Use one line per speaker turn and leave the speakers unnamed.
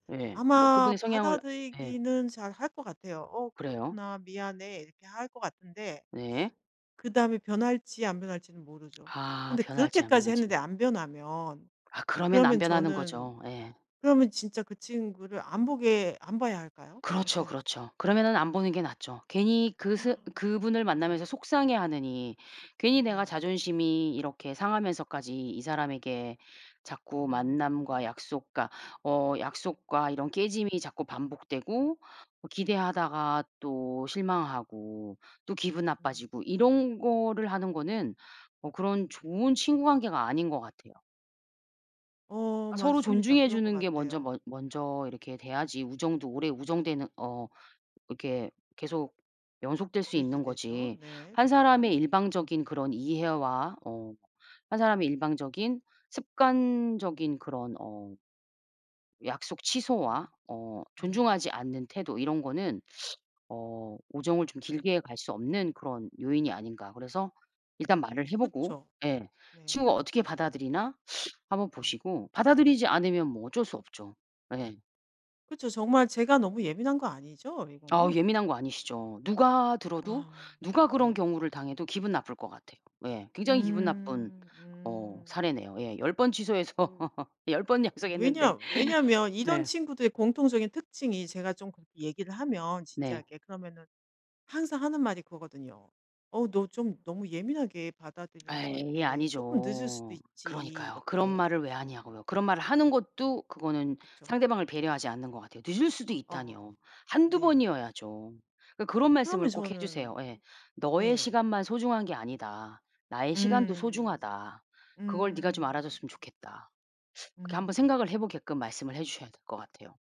예. 뭐
아마
그분의 성향을 예.
받아들이기는 잘 할 것 같아요. "어
그래요?
그렇구나 미안해." 이렇게 할 것 같은데
네.
그다음에 변할지 안 변할지는 모르죠.
아
근데
변할지 안
그렇게까지
변할지.
했는데 안 변하면
아 그러면 안
그러면
변하는
저는
거죠. 예.
그러면 진짜 그 친구를 안 보게 안 봐야 할까요?
그렇죠,
어때야 될까.
그렇죠. 그러면은 안 보는 게 낫죠. 괜히 그 스 그분을 만나면서
네.
속상해하느니 괜히 내가
네.
자존심이 이렇게 상하면서까지 이 사람에게 자꾸 만남과
음.
약속과 어 약속과 이런 깨짐이 자꾸 반복되고 뭐 기대하다가 또 실망하고 또 기분
음.
나빠지고 이런 거를 하는 거는 뭐 그런
음.
좋은 친구 관계가 아닌 것 같아요.
어
서로
맞습니다.
존중해
그런 것
주는 게 먼저
같아요.
먼 먼저 이렇게 돼야지 우정도 오래 우정되는 어 이렇게 계속 연속될 수 있는
유지되죠.
거지
네.
1
그쵸.
사람의 일방적인 그런 이해와 어 1 사람의 일방적인 습관적인 그런 어 약속 취소와
음.
어
음.
존중하지 않는 태도 이런 거는 어 우정을 좀 길게 갈 수 없는 그런 요인이 아닌가. 그래서 일단 말을 해 보고
그쵸.
예
네.
친구가 어떻게 받아들이나 한번
네.
보시고 받아들이지 않으면 뭐 어쩔 수 없죠. 예.
그쵸. 정말 제가 너무 예민한 거 아니죠,
아
이거는?
예민한 거 아니시죠. 누가 들어도
아
누가 그런
네.
경우를 당해도 기분 나쁠 것 같아요. 예. 굉장히 기분 나쁜
음
어
음.
사례네요. 예. 10 번 취소해서
으
10 번
어 왜냐
약속했는데.
왜냐면 이런
네.
친구들의 공통적인 특징이 제가 좀 그렇게 얘기를 하면
네.
진지하게 그러면은 항상 하는 말이 그거거든요. "어 너 좀 너무 예민하게 받아들이는 것
아이
같아. 쪼끔 늦을 수도
아니죠.
있지."
그러니까요. 그런
이렇게.
말을 왜 하냐고요. 그런 말을 하는 것도 그거는
그쵸.
상대방을 배려하지 않는 것 같아요. 늦을 수도
어
있다니요. 1-2
네.
번이어야죠. 그러니까 그런
그러면
말씀을 꼭 해주세요.
저는
예. "너의
네.
시간만 소중한 게 아니다. 나의 시간도
음.
소중하다. 그걸 네가 좀
음.
알아줬으면 좋겠다." 그렇게 한번
음.
생각을 해 보게끔 말씀을 해 주셔야 될 것 같아요.